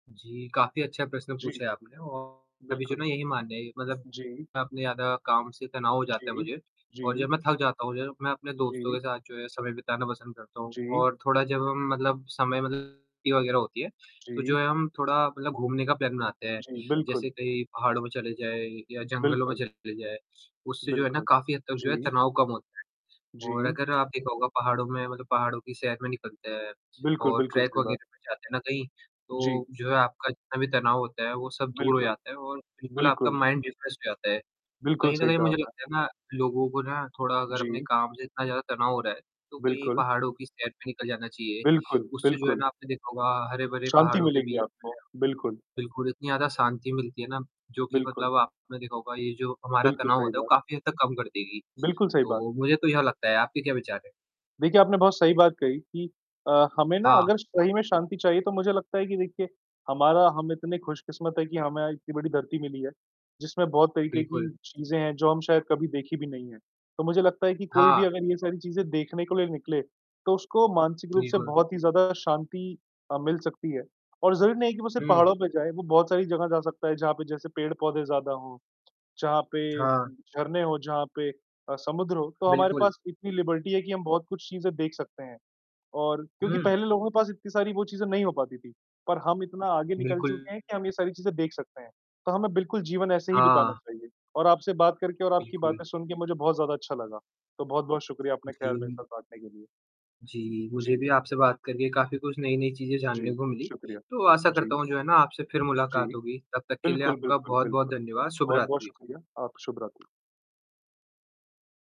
जी, काफ़ी अच्छा प्रश्न जी। पूछा है आपने और अभी जो बिल्कुल। ना यही मान लिया मतलब जी। अपने ज़्यादा काम से तनाव हो जाता है जी। मुझे और जी। जब मैं थक जाता हूँ जब मैं अपने दोस्तों जी। के साथ जो है, समय बिताना पसंद करता हूँ जी। और थोड़ा जब म मतलब समय मतलब छुट्टी वग़ैरह होती है, तो जो जी। है हम थोड़ा मतलब घूमने का प्लान बनाते हैं। जी, जैसे बिल्कुल। कहीं पहाड़ों में चले जाए या जंगलों में बिल्कुल। चले जाए, उससे जो है ना बिल्कुल। काफ़ी हद तक जो है, जी। तनाव कम होता। और जी। अगर आप देखा होगा पहाड़ों में मतलब पहाड़ों की सैर में निकलते हैं बिल्कुल, और बिल्कुल ट्रेक सही बात। वग़ैरह पर जाते हैं ना कहीं जी। तो जो है आपका जितना भी तनाव होता है वो सब दूर हो बिल्कुल। जाता है और बिल्कुल आपका बिल्कुल। माइंड रिफ्रेश हो जाता है। बिल्कुल कहीं न सही कहीं कहा मुझे आपने। लगता है ना लोगों को ना थोड़ा अगर अपने जी। काम से इतना ज़्यादा तनाव हो रहा है, तो कहीं बिल्कुल। पहाड़ों की सैर पे निकल जाना चाहिए, बिल्कुल, उससे जो है बिल्कुल। ना आपने देखा होगा हरे भरे शांति पहाड़ों के मिलेगी बीच में आपको, बिल्कुल। बिल्कुल, इतनी ज़्यादा शांति मिलती है ना जो कि बिल्कुल। मतलब आपने देखा होगा ये जो हमारा बिल्कुल तनाव सही होता है वो बात। काफ़ी हद तक कम कर देगी। बिल्कुल सही बात। तो मुझे तो यह लगता है आपके क्या विचार हैं? देखिए, आपने बहुत सही बात कही कि अ, हमें ना हाँ। अगर सही में शांति चाहिए तो मुझे लगता है कि देखिए हमारा हम इतने खुशकिस्मत हैं कि हमें इतनी बड़ी धरती मिली है, जिसमें बहुत तरीक़े की बिल्कुल। चीज़ें हैं जो हम शायद कभी देखी भी नहीं है। तो मुझे लगता है कि कोई भी हाँ। अगर ये सारी चीज़ें देखने के लिए निकले तो उसको मानसिक रूप से बिल्कुल। बहुत ही ज़्यादा शांति अ, मिल सकती है और ज़रूरी नहीं कि वो सिर्फ़ हुँ। पहाड़ों पे जाए, वो बहुत सारी जगह जा सकता है जहाँ पे जैसे पेड़-पौधे ज़्यादा हों, जहाँ पे हाँ। झरने हों, जहाँ पे अ, समुद्र हो तो हमारे बिल्कुल। पास इतनी लिबर्टी है कि हम बहुत कुछ चीज़ें देख सकते हैं और क्योंकि हुँ। पहले लोगों के पास इतनी सारी वो चीज़ें नहीं हो पाती थी पर हम इतना आगे निकल बिल्कुल। चुके हैं कि हम ये सारी चीज़ें देख सकते हैं, तो हमें बिल्कुल जीवन ऐसे ही बिताना हाँ। चाहिए और आपसे बात करके और आपकी बिल्कुल। बातें सुनके मुझे बहुत ज़्यादा अच्छा लगा। तो बहुत-बहुत शुक्रिया अपने ख़्याल मेरे जी। साथ बाँटने के लिए। जी, मुझे जी। भी आपसे बात करके काफ़ी कुछ नई-नई चीज़ें जी, जानने को मिली। शुक्रिया। तो आशा करता जी। हूँ जो है ना आपसे फ़िर जी, मुलाकात होगी, तब तक के लिए बिल्कुल, आपका बिल्कुल, बहुत-बहुत बिल्कुल। धन्यवाद। शुभ बहुत-बहुत रात्रि। शुक्रिया। आप शुभ रात्रि।